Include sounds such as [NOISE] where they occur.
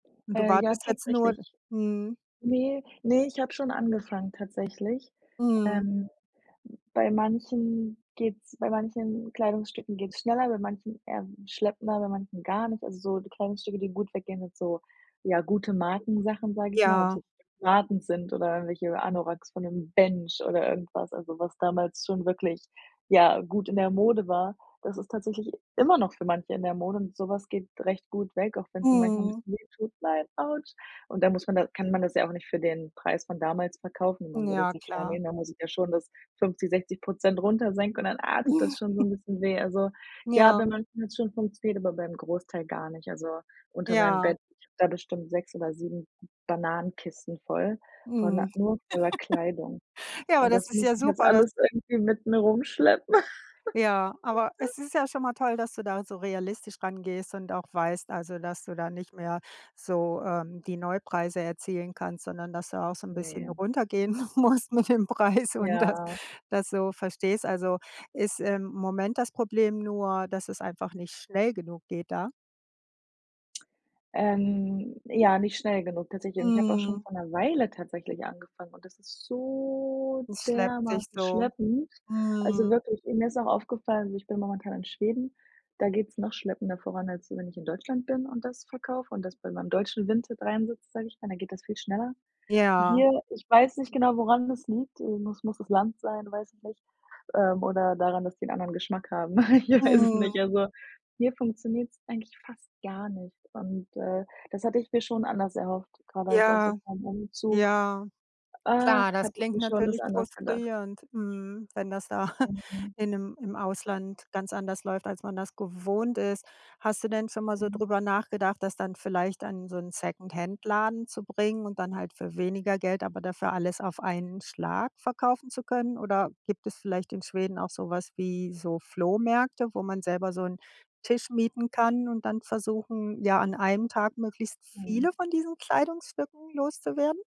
Du Äh, ja wartest jetzt nur tatsächlich. Mhm. Ne, ne, ich habe schon angefangen tatsächlich. Mhm. Ähm, n bei manchen geht's bei manchen Kleidungsstücken geht's schneller, bei manchen eher schleppender, bei manchen gar nicht. Also, so die Kleidungsstücke, gut weggehen sind so, ja, gute Markensachen, sage ich mal, ob es Ja. jetzt [UNINTELLIGIBLE] sind oder irgendwelche Anoraks von dem „Bench“ oder irgendwas, also, was damals schon wirklich, ja, gut in der Mode war. Das ist tatsächlich immer noch für manche in der Mode und sowas geht recht gut weg, auch wenn es mir manchmal ein Mhm. bisschen weh tut: „Nein, autsch.“ Und da muss man das kann man das ja auch nicht für den Preis von damals verkaufen, wenn man so Ja, [UNINTELLIGIBLE] klar. nehmen. Da muss ich ja schon das 50, 60 % runter senken und dann, ah, tut das schon so [CHUCKLES] 'n bisschen weh. Also, ja, Ja. bei manchen hats schon funktioniert, aber beim Großteil gar nicht. Also, unter meinem Ja. Bett, sind da bestimmt 6 oder 7 Bananenkisten voll voller Mhm. nur voller Kleidung [LAUGHS] Ja, aber und das das ist muss ja ich jetzt super, dass alles irgendwie mit mir rumschleppen. Ja, aber [LAUGHS] es ist ja schon mal toll, dass du da so realistisch rangehst und auch weißt, also, dass du da nicht mehr so, ähm, die Neupreise erzielen kannst, sondern, dass du da auch so 'n bisschen Ne. runtergehen musst mit dem Preis und das Ja. das so verstehst. Also, ist im Moment das Problem nur, dass es einfach nicht schnell genug geht da? Ähm, ja, nicht schnell genug tatsächlich. Und ich habe auch schon Mhm. vor 'ner Weile tatsächlich angefangen und das ist so Es schleppt sich dermaßen so. schleppend. Also Mhm. wirklich, mir ist auch aufgefallen, also ich bin momentan in Schweden, da geht's noch schleppender voran, als wenn ich in Deutschland bin und das verkaufe und das bei meinem deutschen Vinted reinsetze, sage ich mal, da geht das viel schneller. Ja. Hier, ich weiß nicht genau, woran das liegt. Äh, muss muss das Land sein, weiß ich nicht. Ähm, oder daran, dass die 'n anderen Geschmack haben. Ich weiß es Mhm. nicht. Also, hier funktioniert's eigentlich fast gar nicht und, äh, das hatte ich mir schon anders erhofft, gerade auch jetzt so Ja. vorm Umzug. Ja. Ach, Klar, das hatte ich klingt mir schon das natürlich anders gedacht. frustrierend, mhm, wenn das da [CHUCKLES] Mhm. in 'nem im Ausland ganz anders läuft, als man das gewohnt ist. Hast du denn schon mal so Mhm. drüber nachgedacht, das dann vielleicht an so 'n Secondhandladen zu bringen und dann halt für weniger Geld, aber dafür alles auf einen Schlag verkaufen zu können? Oder gibt es vielleicht in Schweden auch so was wie so Flohmärkte, wo man selber so 'n Tisch mieten kann und dann versuchen, ja, an einem Tag möglichst Mhm. viele von diesen Kleidungsstücken loszuwerden?